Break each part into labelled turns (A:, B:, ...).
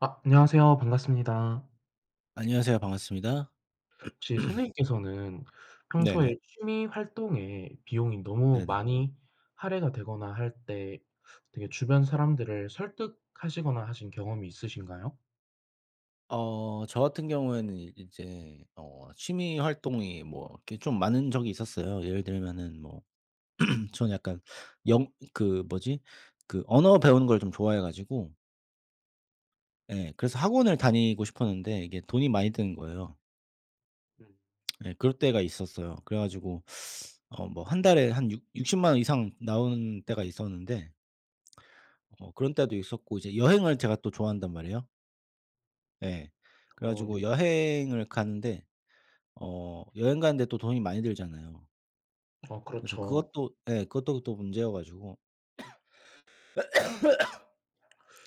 A: 아. 안녕하세요 반갑습니다.
B: 안녕하세요 반갑습니다.
A: 혹시 선생님께서는 평소에
B: 네네.
A: 취미활동에 비용이 너무
B: 네네.
A: 많이 할애가 되거나 할 때 되게 주변 사람들을 설득하시거나 하신 경험이 있으신가요?
B: 어 저 같은 경우에는 이 이제 어 취미활동이 뭐 이렇게 좀 많은 적이 있었어요. 예를 들면은 뭐 전 약간 영 그 뭐지 그 언어 배우는 걸 좀 좋아해 가지고 예 그래서 학원을 다니고 싶었는데 이게 돈이 많이 드는 거예요.
A: 음.
B: 예 그럴 때가 있었어요. 그래 가지고 어 뭐 1 달에 한 육 육십만원 이상 나오는 때가 있었는데 어 그런 때도 있었고 이제 여행을 제가 또 좋아한단 말이에요. 네. 그래
A: 어
B: 가지고
A: 요
B: 여행을 가는데 어 여행 가는 데 또 돈이 많이 들잖아요.
A: 어
B: 그래서
A: 그렇죠.
B: 그것도 예 그것도 또 문제여 가지고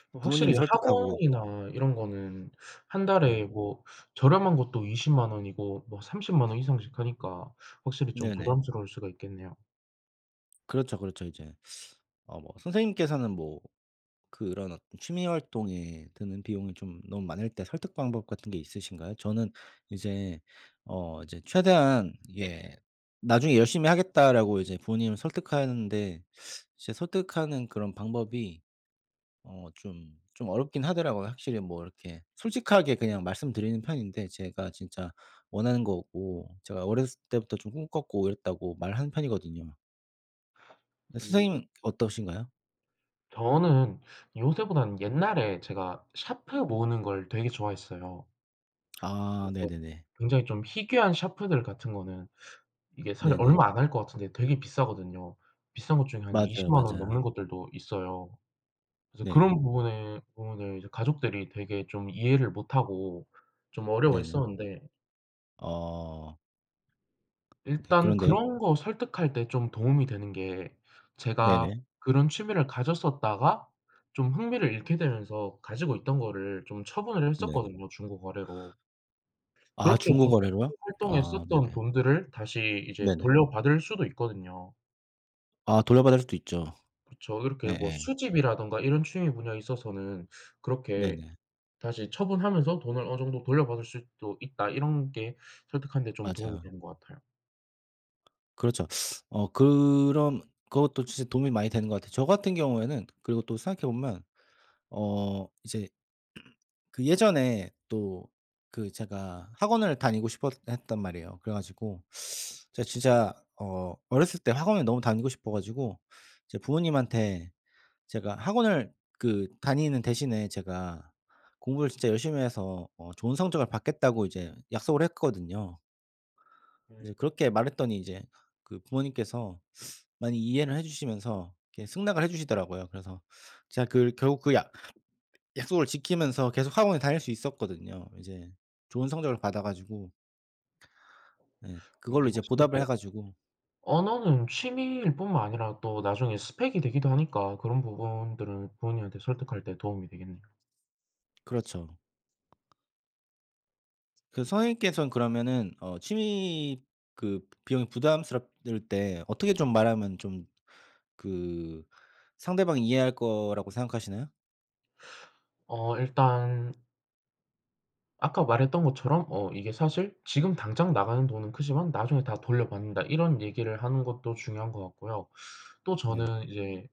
B: 부모님
A: 확실히
B: 설득하고
A: 학원이나 이런 거는 1
B: 네.
A: 달에 뭐 저렴한 것도 200,000 원이고 뭐 300,000 원 이상씩 하니까 확실히 좀
B: 네네.
A: 부담스러울 수가 있겠네요.
B: 그렇죠, 그렇죠 이제. 어 뭐 선생님께서는 뭐 그런 어떤 취미활동에 드는 비용이 좀 너무 많을 때 설득 방법 같은 게 있으신가요? 저는 이제 어 이제 최대한 이게 "나중에 열심히 하겠다."라고 이제 부모님을 설득하는데 이제 설득하는 그런 방법이 어 좀 좀 어렵긴 하더라고요. 확실히 뭐 이렇게 솔직하게 그냥 말씀드리는 편인데 "제가 진짜 원하는 거고 제가 어렸을 때부터 좀 꿈꿨고 이랬다."고 말하는 편이거든요.
A: 음.
B: 선생님은 어떠신가요?
A: 저는 요새보다는 옛날에 제가 샤프 모으는 걸 되게 좋아했어요.
B: 아
A: 그래서
B: 네네네.
A: 굉장히 좀 희귀한 샤프들 같은 거는 이게 사실
B: 네네.
A: 얼마 안 할 것 같은데 되게 비싸거든요. 비싼 것 중에 한
B: 맞아요
A: 200,000 원
B: 맞아요.
A: 넘는 것들도 있어요. 그래서
B: 네.
A: 그런 부분에 부분을 이제 가족들이 되게 좀 이해를 못하고 좀
B: 네네.
A: 어려워했었는데
B: 어. 네
A: 일단
B: 그런데요?
A: 그런 거 설득할 때 좀 도움이 되는게 제가
B: 네네.
A: 그런 취미를 가졌었다가 좀 흥미를 잃게 되면서 가지고 있던 거를 좀 처분을
B: 네.
A: 했었거든요 중고거래로.
B: 아
A: 그렇게 좀
B: 중고거래로요?
A: 취미활동
B: 아
A: 했었던
B: 네네.
A: 돈들을 다시 이제
B: 네네.
A: 돌려받을 수도 있거든요.
B: 아 돌려받을 수도 있죠.
A: 그쵸 이렇게 뭐
B: 예예.
A: 수집이라든가 이런 취미 분야에 있어서는 그렇게
B: 네네.
A: "다시 처분하면서 돈을 어느 정도 돌려받을 수도 있다." 이런 게 설득하는데 좀 도움이
B: 맞아요.
A: 되는 것 같아요.
B: 그렇죠. 어 그런 그것도 진짜 도움이 많이 되는 것 같아요. 저 같은 경우에는 그리고 또 생각해 보면 어 이제 그 예전에 또 그 제가 학원을 다니고 싶어했단 말이에요. 그래 가지고 제가 진짜 어 어렸을 때 학원에 너무 다니고 싶어 가지고 이제 부모님한테 "제가 학원을 그 다니는 대신에 제가 공부를 진짜 열심히 해서 어 좋은 성적을 받겠다."고 이제 약속을 했거든요. 이제
A: 음.
B: 그렇게 말했더니 이제 그 부모님께서 많이 이해를 해 주시면서 이렇게 승낙을 해 주시더라고요. 그래서 제가 그 결국 그 약 약속을 지키면서 계속 학원에 다닐 수 있었거든요. 이제 좋은 성적을 받아 가지고 예
A: 음
B: 그걸로 이제
A: 하시는
B: 보답을
A: 거
B: 해 가지고
A: 언어는 취미일뿐만 아니라 또 나중에 스펙이 되기도 하니까 그런 부분들은 부모님한테 설득할 때 도움이 되겠네요.
B: 그렇죠. 그 선생님께선 그러면은 어 취미 그 비용이 부담스럽 를 때 어떻게 좀 말하면 좀 그 상대방이 이해할 거라고 생각하시나요?
A: 어 일단 아까 말했던 것처럼 어 이게 사실 "지금 당장 나가는 돈은 크지만 나중에 다 돌려받는다." 이런 얘기를 하는 것도 중요한 것 같고요. 또
B: 네.
A: 저는 이제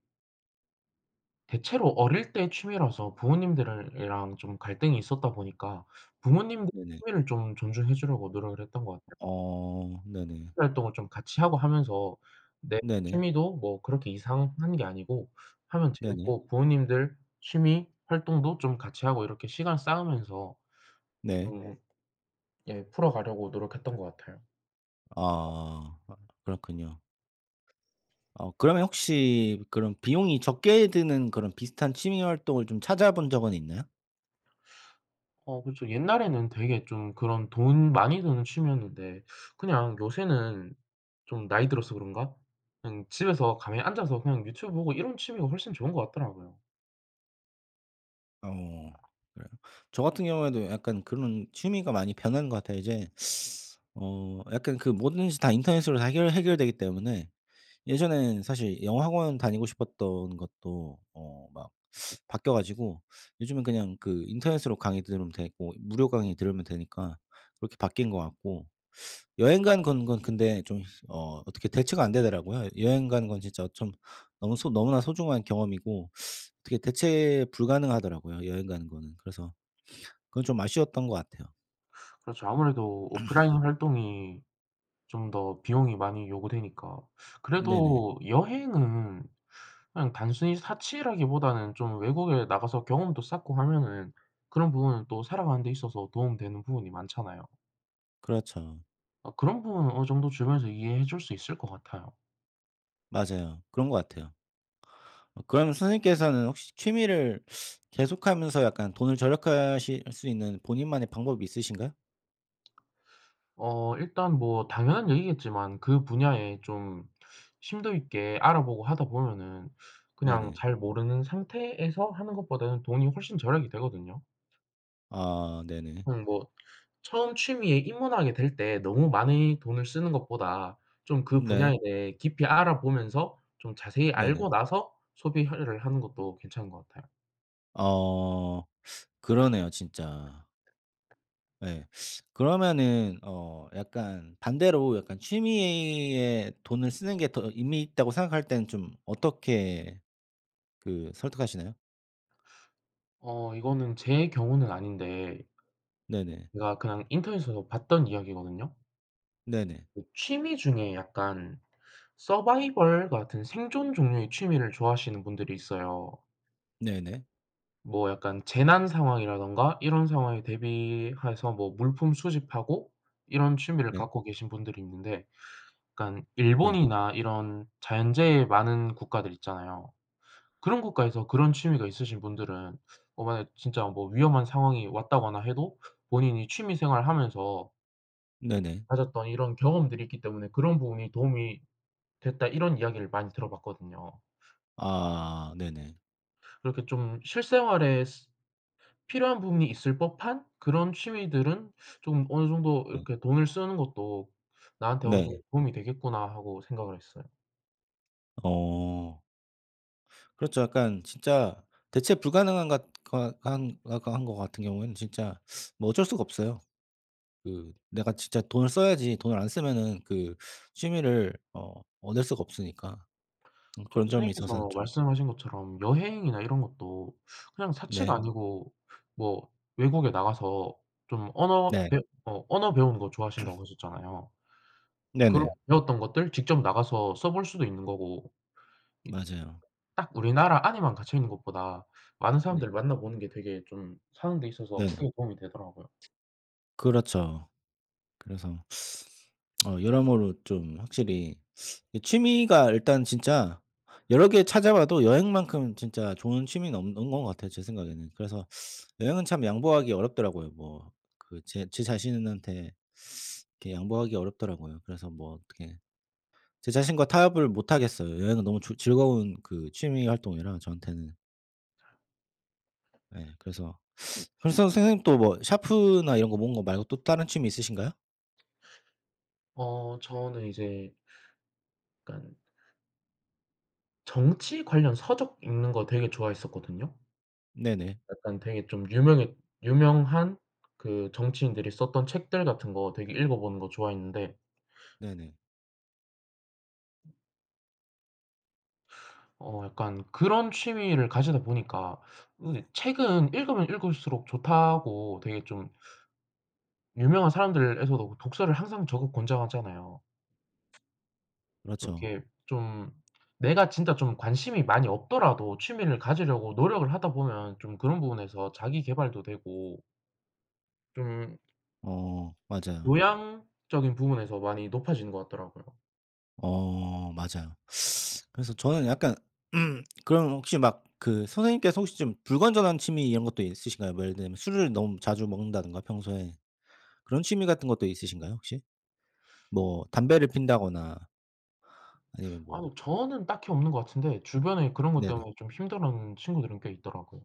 A: 대체로 어릴 때 취미라서 부모님들이랑 좀 갈등이 있었다 보니까 부모님들
B: 네네.
A: 취미를 좀 존중해 주려고 노력을 했던 것 같아요.
B: 어 네네.
A: 취미 활동을 좀 같이 하고 하면서 내
B: 네네.
A: 취미도 뭐 그렇게 이상한 게 아니고 하면
B: 네네.
A: 재미있고 부모님들 취미 활동도 좀 같이 하고 이렇게 시간 쌓으면서
B: 네.
A: 좀 예 풀어가려고 노력했던 것 같아요.
B: 아. 아 그렇군요. 어 그러면 혹시 그럼 비용이 적게 드는 그런 비슷한 취미 활동을 좀 찾아본 적은 있나요?
A: 어 그쵸. 옛날에는 되게 좀 그런 돈 많이 드는 취미였는데 그냥 요새는 좀 나이 들어서 그런가 그냥 집에서 가만히 앉아서 그냥 유튜브 보고 이런 취미가 훨씬 좋은 것 같더라고요.
B: 어 그래요. 저 같은 경우에도 약간 그런 취미가 많이 변한 것 같아요. 이제 어 약간 그 뭐든지 다 인터넷으로 다 해결 해결되기 때문에 예전에는 사실 영어학원 다니고 싶었던 것도 뭐 어 막 바뀌어 가지고 요즘은 그냥 그 인터넷으로 강의 들으면 되고 무료 강의 들으면 되니까 그렇게 바뀐 것 같고 여행 가는 건 건 근데 좀 어 어떻게 대체가 안 되더라고요. 여행 가는 건 진짜 좀 너무 소 너무나 소중한 경험이고 어떻게 대체 불가능하더라고요 여행 가는 거는. 그래서 그건 좀 아쉬웠던 것 같아요.
A: 그렇죠. 아무래도 오프라인 활동이 좀 더 비용이 많이 요구되니까
B: 네네.
A: 그래도 여행은 그냥 단순히 사치라기보다는 좀 외국에 나가서 경험도 쌓고 하면은 그런 부분은 또 살아가는데 있어서 도움되는 부분이 많잖아요.
B: 그렇죠.
A: 아 그런 부분은 어느 정도 주변에서 이해해 줄 수 있을 것 같아요.
B: 맞아요. 그런 것 같아요. 그러면 선생님께서는 혹시 취미를 계속하면서 약간 돈을 절약하실 수 있는 본인만의 방법이 있으신가요?
A: 어 일단 뭐 당연한 얘기겠지만 그 분야에 좀 심도 있게 알아보고 하다보면은 그냥
B: 네네.
A: 잘 모르는 상태에서 하는 것보다는 돈이 훨씬 절약이 되거든요.
B: 아 네네.
A: 그냥 뭐 처음 취미에 입문하게 될 때 너무 많이 돈을 쓰는 것보다 좀 그
B: 네.
A: 분야에 대해 깊이 알아보면서 좀 자세히
B: 네네.
A: 알고 나서 소비화를 하는 것도 괜찮은 것 같아요.
B: 아 그러네요 진짜. 네. 그러면은 어 약간 반대로 약간 '취미에 돈을 쓰는 게 더 의미 있다.'고 생각할 때는 좀 어떻게 그 설득하시나요?
A: 어 이거는 제 경우는 아닌데
B: 네네.
A: 제가 그냥 인터넷에서 봤던 이야기거든요.
B: 네네.
A: 이 취미 중에 약간 서바이벌 같은 생존 종류의 취미를 좋아하시는 분들이 있어요.
B: 네네.
A: 뭐 약간 재난 상황이라든가 이런 상황에 대비해서 뭐 물품 수집하고 이런 취미를
B: 네.
A: 갖고 계신 분들이 있는데 그러니깐
B: 네.
A: 일본이나 이런 자연재해 많은 국가들이 있잖아요. 그런 국가에서 그런 취미가 있으신 분들은 어 만약 진짜 뭐 위험한 상황이 왔다거나 해도 본인이 취미 생활하면서
B: 네네.
A: 가졌던 이런 경험들이 있기 때문에 "그런 부분이 도움이 됐다." 이런 이야기를 많이 들어봤거든요.
B: 아 네네.
A: 그렇게 좀 '실생활에 스 필요한 부분이 있을 법한 그런 취미들은 좀 어느 정도
B: 예.
A: 이렇게 돈을 쓰는 것도 나한테 어느
B: 네.
A: 정도 도움이 되겠구나.' 하고 생각을 했어요.
B: 어. 그렇죠. 약간 진짜 대체 불가능한 것 것 한 거 거 한 거 같은 경우에는 진짜 뭐 어쩔 수가 없어요. 그 내가 진짜 돈을 써야지 돈을 안 쓰면은 그 취미를 어 얻을 수가 없으니까. 음
A: 저
B: 그런 점에 있어서는
A: 선생님께서
B: 좀...
A: 말씀하신 것처럼 여행이나 이런 것도 그냥 사치가
B: 네.
A: 아니고 뭐 외국에 나가서 좀 언어
B: 네.
A: 배 어 언어 배우는 거 좋아하신다고 하셨잖아요. 그리고
B: 네네.
A: 배웠던 것들 직접 나가서 써볼 수도 있는 거고. 이
B: 맞아요.
A: 딱 우리나라 안에만 갇혀 있는 것보다 많은
B: 네.
A: 사람들을 만나보는 게 되게 좀 사는데 있어서
B: 네네.
A: 크게 도움이 되더라고요.
B: 그렇죠. 그래서 어 여러모로 좀 확실히 이 취미가 일단 진짜 여러 개 찾아봐도 여행만큼 진짜 좋은 취미는 없 없는 것 같아요 제 생각에는. 그래서 여행은 참 양보하기 어렵더라고요. 뭐 그 제 제 자신한테 이렇게 양보하기 어렵더라고요. 그래서 뭐 어떻게 제 자신과 타협을 못 하겠어요. 여행은 너무 좋 즐거운 그 취미 활동이라 저한테는. 예. 그래서 그럼 선 선생님 또 뭐 샤프나 이런 거 모으는 거 말고 또 다른 취미 있으신가요?
A: 어 저는 이제 약간 정치 관련 서적 읽는 거 되게 좋아했었거든요.
B: 네네.
A: 약간 되게 좀 유명했 유명한 그 정치인들이 썼던 책들 같은 거 되게 읽어보는 거 좋아했는데
B: 네네.
A: 어 약간 그런 취미를 가지다 보니까 으 책은 읽으면 읽을수록 좋다고 되게 좀 유명한 사람들에서도 독서를 항상 적극 권장하잖아요.
B: 그렇죠.
A: 그렇게 좀 내가 진짜 좀 관심이 많이 없더라도 취미를 가지려고 노력을 하다 보면 좀 그런 부분에서 자기계발도 되고 좀
B: 어. 맞아요.
A: 교양적인 부분에서 많이 높아지는 것 같더라고요.
B: 어. 맞아요. 그래서 저는 약간 그럼 혹시 막 그 선생님께서 혹시 좀 불건전한 취미 이런 것도 있으신가요? 뭐 예를 들면 술을 너무 자주 먹는다든가 평소에. 그런 취미 같은 것도 있으신가요 혹시? 뭐 담배를 피운다거나 아니면 뭐
A: 아니요. 저는 딱히 없는 것 같은데 주변에 그런 것
B: 네네.
A: 때문에 좀 힘들어하는 친구들은 꽤 있더라고요.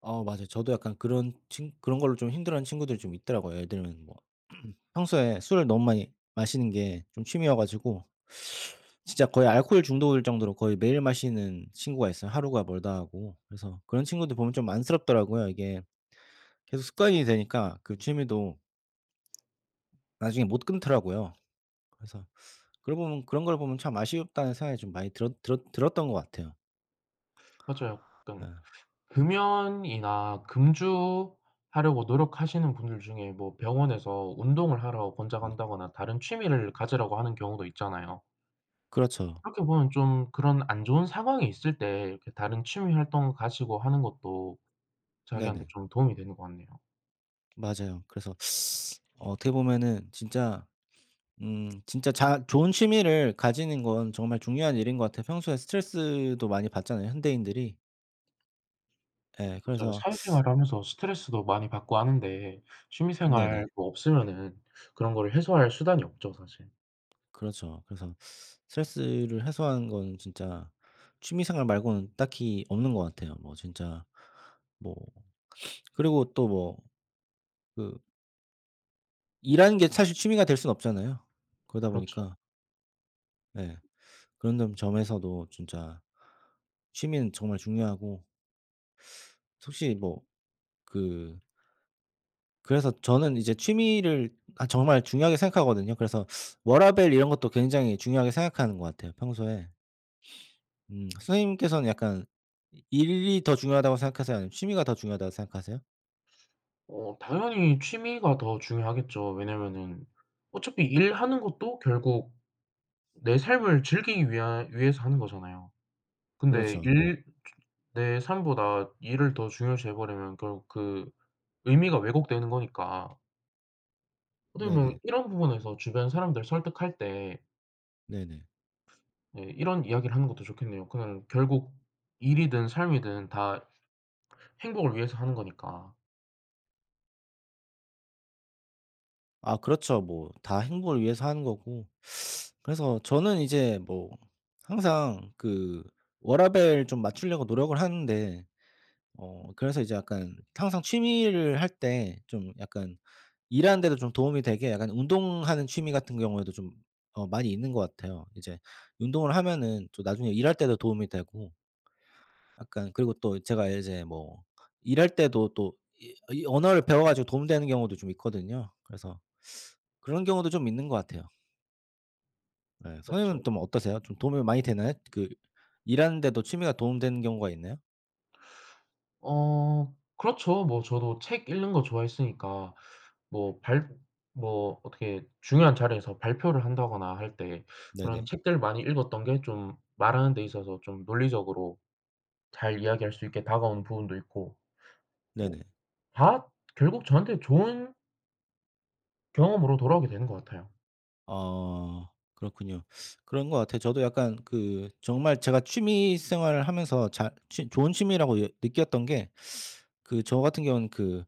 B: 어 맞아요. 저도 약간 그런 친 그런 걸로 좀 힘들어하는 친구들이 좀 있더라고요. 예를 들면 뭐 평소에 술을 너무 많이 마시는 게 좀 취미여 가지고 진짜 거의 알코올 중독일 정도로 거의 매일 마시는 친구가 있어요 하루가 멀다 하고. 그래서 그런 친구들 보면 좀 안쓰럽더라고요. 이게 계속 습관이 되니까 그 취미도 ...나중에 못 끊더라고요. 그래서 그런 걸 보면 그런 걸 보면 참 아쉽다는 생각이 좀 많이 들었 들었 들었던 것 같아요.
A: 맞아요.
B: 네.
A: 그러니깐 금연이나 금주하려고 노력하시는 분들 중에 뭐 병원에서 운동을 하라고
B: 네.
A: 권장한다거나 다른 취미를 가지라고 하는 경우도 있잖아요.
B: 그렇죠.
A: 그렇게 보면 좀 그런 안 좋은 상황이 있을 때 이렇게 다른 취미 활동을 가지고 하는 것도 자기한테
B: 네네.
A: 좀 도움이 되는 것 같네요.
B: 맞아요. 그래서 어 어떻게 보면은 진짜 음 진짜 자 좋은 취미를 가지는 건 정말 중요한 일인 것 같아요. 평소에 스트레스도 많이 받잖아요 현대인들이. 예.
A: 맞아요.
B: 그래서
A: 사회생활을 하면서 스트레스도 많이 받고 하는데 취미
B: 네네.
A: 생활도 없으면은 그런 걸 해소할 수단이 없죠 사실.
B: 그렇죠. 그래서 스트레스를 해소하는 건 진짜 취미 생활 말고는 딱히 없는 것 같아요. 뭐 진짜 뭐 그리고 또 뭐 그 일하는 게 사실 취미가 될 수는 없잖아요. 그러다
A: 그렇죠.
B: 보니까 예. 그런 점 점에서도 진짜 취미는 정말 중요하고 솔직히 뭐 그 그래서 저는 이제 취미를 아 정말 중요하게 생각하거든요. 그래서 워라밸 이런 것도 굉장히 중요하게 생각하는 것 같아요 평소에. 음 선생님께서는 약간 이 일이 더 중요하다고 생각하세요 아니면 취미가 더 중요하다고 생각하세요?
A: 어 당연히 취미가 더 중요하겠죠. 왜냐하면은 어차피 일하는 것도 결국 내 삶을 즐기기 위하 위해서 하는 거잖아요. 근데
B: 그렇죠.
A: 일 내 삶보다 일을 더 중요시해 버리면 결국 그 의미가 왜곡되는 거니까 어떻게 보면
B: 네네.
A: 이런 부분에서 주변 사람들을 설득할 때
B: 네네.
A: 네 이런 이야기를 하는 것도 좋겠네요. 그냥 결국 일이든 삶이든 다 행복을 위해서 하는 거니까.
B: 아 그렇죠. 뭐 다 행복을 위해서 하는 거고. 그래서 저는 이제 뭐 항상 그 워라밸 좀 맞추려고 노력을 하는데 어 그래서 이제 약간 항상 취미를 할 때 좀 약간 일하는데도 좀 도움이 되게 약간 운동하는 취미 같은 경우에도 좀 어 많이 있는 것 같아요. 이제 운동을 하면은 또 나중에 일할 때도 도움이 되고 약간 그리고 또 제가 이제 뭐 일할 때도 또 이 이 언어를 배워 가지고 도움 되는 경우도 좀 있거든요. 그래서 그런 경우도 좀 있는 것 같아요. 예. 선생님은
A: 그렇죠.
B: 좀 어떠세요? 좀 도움이 많이 되나요? 그 일하는데도 취미가 도움 되는 경우가 있나요?
A: 어. 그렇죠. 뭐 저도 책 읽는 거 좋아했으니까 뭐 발 뭐 어떻게 중요한 자리에서 발표를 한다거나 할 때 그런
B: 네네.
A: 책들 많이 읽었던 게 좀 말하는데 있어서 좀 논리적으로 잘 이야기할 수 있게 다가오는 부분도 있고, 뭐
B: 네네.
A: 다 결국 저한테는 좋은 경험으로 돌아오게 되는 것 같아요.
B: 아. 그렇군요. 그런 것 같아요. 저도 약간 그 정말 제가 취미 생활을 하면서 자 취 좋은 취미라고 예 느꼈던 게 그 저 같은 경우는 그,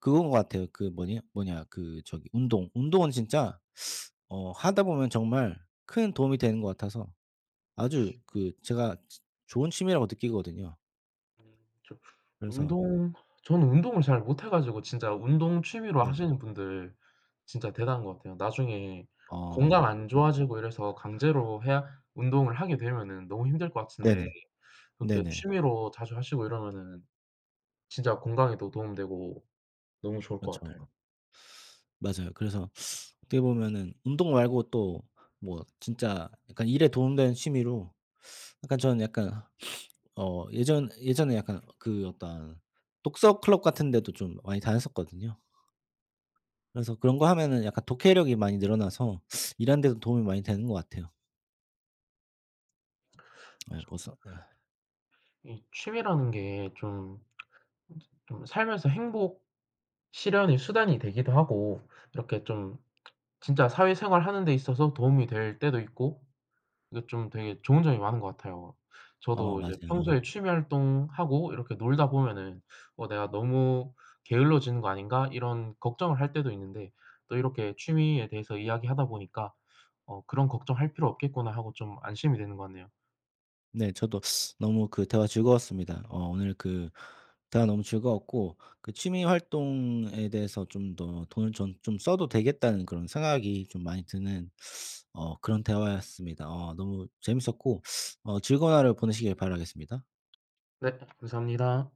B: 그거인 것 같아요. 그 뭐냐 뭐냐 그 저기 운동 운동은 진짜 어 하다 보면 정말 큰 도움이 되는 것 같아서 아주 그 제가 조 좋은 취미라고 느끼거든요.
A: 저
B: 그래서
A: 운동 전 운동을 잘 못 해 가지고 진짜 운동 취미로
B: 네네.
A: 하시는 분들 진짜 대단한 것 같아요. 나중에 건강
B: 어.
A: 안
B: 네네.
A: 좋아지고 이래서 강제로 해야 운동을 하게 되면은 너무 힘들 것
B: 네네.
A: 같은데 그렇게
B: 네네.
A: 취미로 자주 하시고 이러면은 진짜 건강에도 도움 되고 너무 좋을 것
B: 그렇죠.
A: 같아요.
B: 맞아요. 그래서 어떻게 보면은 운동 말고 또 뭐 진짜 약간 일에 도움되는 취미로 약간 저는 약간 어 예전 예전에 약간 그 어떤 독서 클럽 같은 데도 좀 많이 다녔었거든요. 그래서 그런 거 하면은 약간 독해력이 많이 늘어나서 일하는데도 도움이 많이 되는 것 같아요. 예.
A: 그쵸.
B: 보서 으에.
A: 이 취미라는 게 좀 좀 좀 살면서 행복 실현의 수단이 되기도 하고 이렇게 좀 진짜 사회생활 하는 데 있어서 도움이 될 때도 있고 이게 좀 되게 좋은 점이 많은 것 같아요.
B: 어.
A: 저도 이제
B: 맞아요.
A: 평소에 취미 활동하고 이렇게 놀다 보면은 '어 내가 너무 게을러지는 거 아닌가?' 이런 걱정을 할 때도 있는데 또 이렇게 취미에 대해서 이야기하다 보니까 '어 그런 걱정 할 필요 없겠구나.' 하고 좀 안심이 되는 것 같네요.
B: 네. 저도 너무 그 대화 즐거웠습니다. 어 오늘 그 대화 너무 즐거웠고 그 취미 활동에 대해서 좀 더 돈을 좀 좀 써도 되겠다는 그런 생각이 좀 많이 드는 어 그런 대화였습니다. 어 너무 재밌었고 어 즐거운 하루 보내시길 바라겠습니다.
A: 네. 감사합니다.